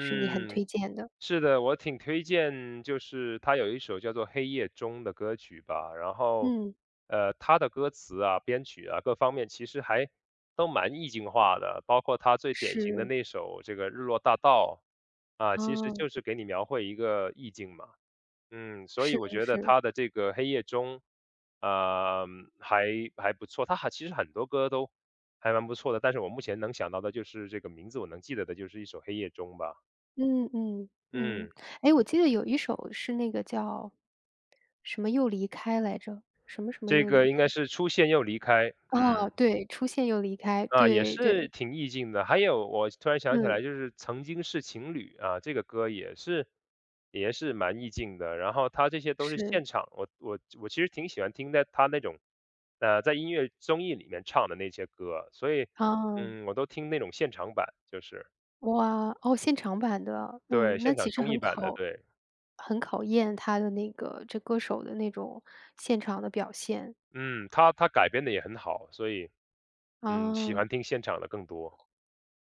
是你很推荐的。是的，我挺推荐就是他有一首叫做《黑夜中》的歌曲吧。然后，嗯。呃，他的歌词啊、编曲啊各方面，其实还都蛮意境化的，包括他最典型的是。那一首这个《日落大道》。啊，其实哦。就是给你描绘一个意境嘛。嗯，所是以我的，觉得是。他的这个《黑夜中》啊，嗯，还还不错，他还其实很多歌都还蛮不错的，但是我目前能想到的就是这个名字我能记得的就是一首《黑夜中》吧。嗯嗯，嗯。嗯。诶，我记得有一首是那个叫，什么又离开来着，什么什么这又个离应该开？是出现又离开，嗯。哦，对，《出现又离开》，啊，也对是对。挺意境的，还有我突然想起来嗯。就是《曾经是情侣》啊，这个歌也是也是蛮意境的。然后他这些都是是。现场，我我我其实挺喜欢听在他那种，呃，在音乐综艺里面唱的那些歌，所以，哦。嗯，我都听那种现场版，就是。哇，哦，现场版的，对，嗯。那现场其实综艺很版的，考对。很考验它的那个这歌手的那种现场的表现。嗯，他他改编得也很好，所以，嗯，喜哦。欢听现场的更多。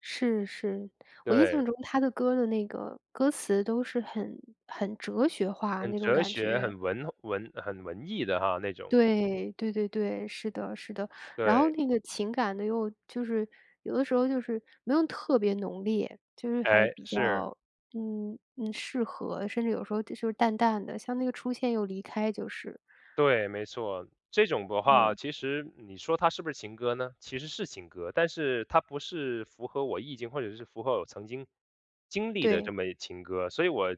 是是，我印对。象中他的歌的那个歌词都是很很哲学化很那种哲感学，觉。很文文很文艺的哈那种。对，对对对，是的是的。然后对。那个情感呢又就是有的时候就是没有特别浓烈，就是还诶，比是。较，嗯，嗯，适合，甚至有时候就是淡淡的，像那个《出现又离开》就是。对，没错。这种的话嗯。其实你说它是不是情歌呢？其实是情歌，但是它不是符合我意境或者是符合我曾经经历的这对。么一情歌。所以我，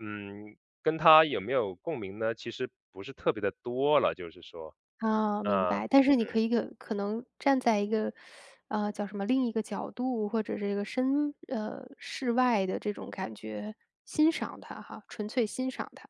嗯，跟它有没有共鸣呢，其实不是特别地多了，就是说。啊，明啊。白。但是你可嗯。以个可可能站在一个，啊，叫什么另一个角度，或者是一个身呃，世外的这种感觉，欣赏他哈，纯粹欣赏他。